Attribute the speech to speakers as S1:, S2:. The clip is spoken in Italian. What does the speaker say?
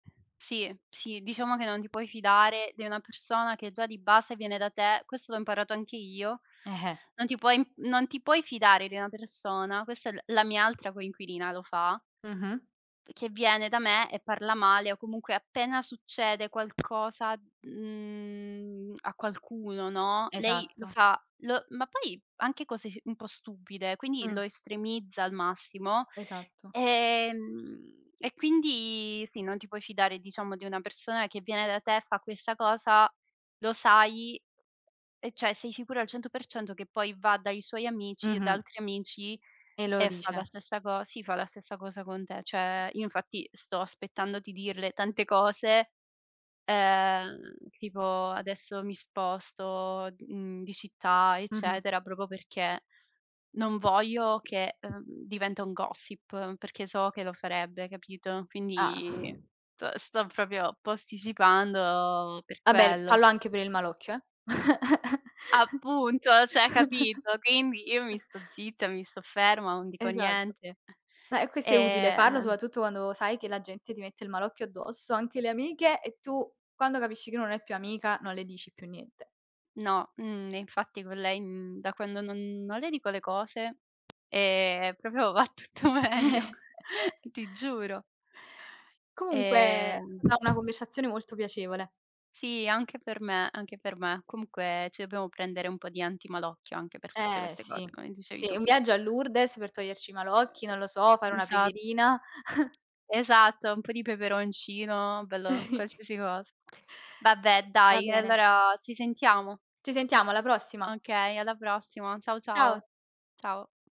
S1: Sì, sì, diciamo che non ti puoi fidare di una persona che già di base viene da te, questo l'ho imparato anche io,
S2: Eh-eh.
S1: non ti puoi non ti puoi fidare di una persona, questa è l la mia altra coinquilina lo fa
S2: Mh-mh
S1: che viene da me e parla male, o comunque, appena succede qualcosa, mhmm, a qualcuno, no, lei lo
S2: Esatto.
S1: fa lo ma poi, anche cose s un po' stupide, quindi
S2: Mh.
S1: lo estremizza al massimo.
S2: Esatto.
S1: Ehm, e quindi sì, non ti puoi fidare, diciamo, di una persona che viene da te, fa questa cosa, lo sai, e cioè, sei sicuro al 100% che poi va dai suoi amici e da
S2: Mh-mh.
S1: altri amici
S2: E lo
S1: e fa la
S2: dice.
S1: stessa co sì, fa la stessa cosa con te. Cioè, io, infatti, sto aspettando di dirle tante cose, ehm, tipo, adesso mi sposto, mhmm, di città,
S2: Mh-mh.
S1: eccetera, proprio perché non voglio che, ehm, diventa un gossip perché so che lo farebbe, capito?
S2: Ah.
S1: Quindi s sto proprio posticipando per
S2: Vabbè,
S1: quello.
S2: fallo anche per il malocchio, eh?
S1: Appunto, cioè, capito? Quindi io mi sto zitta, mi sto ferma, non dico
S2: Esatto.
S1: niente,
S2: Ma è questo è utile farlo,
S1: ehm
S2: soprattutto quando sai che la gente ti mette il malocchio addosso, anche le amiche, e tu, quando capisci che non è più amica, non le dici più niente.
S1: No, mhmm, infatti con lei, mhmm, da quando non non le dico le cose, ehm, proprio va tutto
S2: Eh.
S1: meglio, ti giuro.
S2: Comunque, è
S1: Ehm
S2: stata una conversazione molto piacevole.
S1: Sì, anche per me, anche per me. Comunque, ci dobbiamo prendere un po' di antimalocchio anche per tutte
S2: Eh,
S1: queste
S2: sì,
S1: cose, come dicevi
S2: sì,
S1: tu.
S2: un viaggio a Lourdes per toglierci i malocchi, non lo so, fare una
S1: Esa
S2: preghierina.
S1: Esatto, un po' di peperoncino, bello,
S2: Sì.
S1: qualsiasi cosa. Vabbè,
S2: Va
S1: dai, e
S2: bene.
S1: allora ci sentiamo.
S2: Ci sentiamo, alla prossima.
S1: Okay, alla prossima. Ciao,
S2: Ciao.
S1: ciao. Ciao.